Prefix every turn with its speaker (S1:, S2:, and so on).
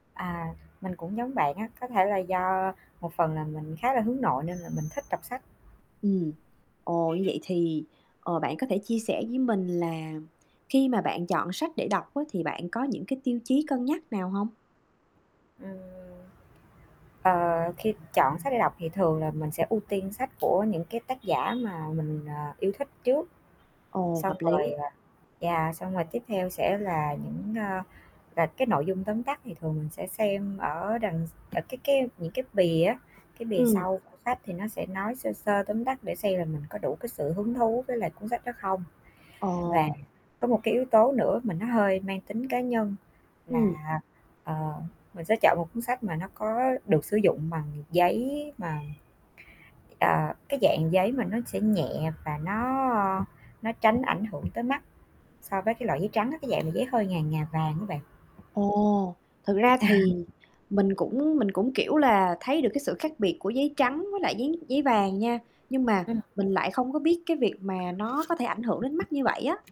S1: À, mình cũng giống bạn á, có thể là do một phần là mình khá là hướng nội nên là mình thích đọc sách.
S2: Ừm. Ồ, như vậy thì, ờ, bạn có thể chia sẻ với mình là khi mà bạn chọn sách để đọc á, thì bạn có những cái tiêu chí cân nhắc nào hông?
S1: Ừm. Ờ, khi chọn sách để đọc thì thường là mình sẽ ưu tiên sách của những cái tác giả mà mình, ờ, yêu thích trước,
S2: Ồ,
S1: xong
S2: hợp
S1: rồi,
S2: lý.
S1: ờ yeah, xong rồi tiếp theo sẽ là những, a, là cái nội dung tóm tắt thì thường mình sẽ xem ở đằng s ở cái cái những cái bìa á. Cái bìa
S2: Ừm.
S1: sau của sách thì nó sẽ nói sơ sơ tóm tắt để xem là mình có đủ cái sự hứng thú với lại cuốn sách đó không. Và
S2: Ồ.
S1: có một cái yếu tố nữa mà nó hơi mang tính cá nhân
S2: Ừm.
S1: là, ờ, mình sẽ chọn một cuốn sách mà nó có được sử dụng bằng giấy mà, ờ, cái dạng giấy mà nó sẽ nhẹ và nó nó tránh ảnh hưởng tới mắt so với cái loại giấy trắng á, cái dạng là giấy hơi ngà ngà vàng á bạn.
S2: Ồ, thực ra
S1: À.
S2: thì mình cũng mình cũng, kiểu là, thấy được cái sự khác biệt của giấy trắng với lại giấy giấy vàng nha, nhưng mà
S1: Ừm.
S2: mình lại không có biết cái việc mà nó có thể ảnh hưởng đến mắt như vậy á.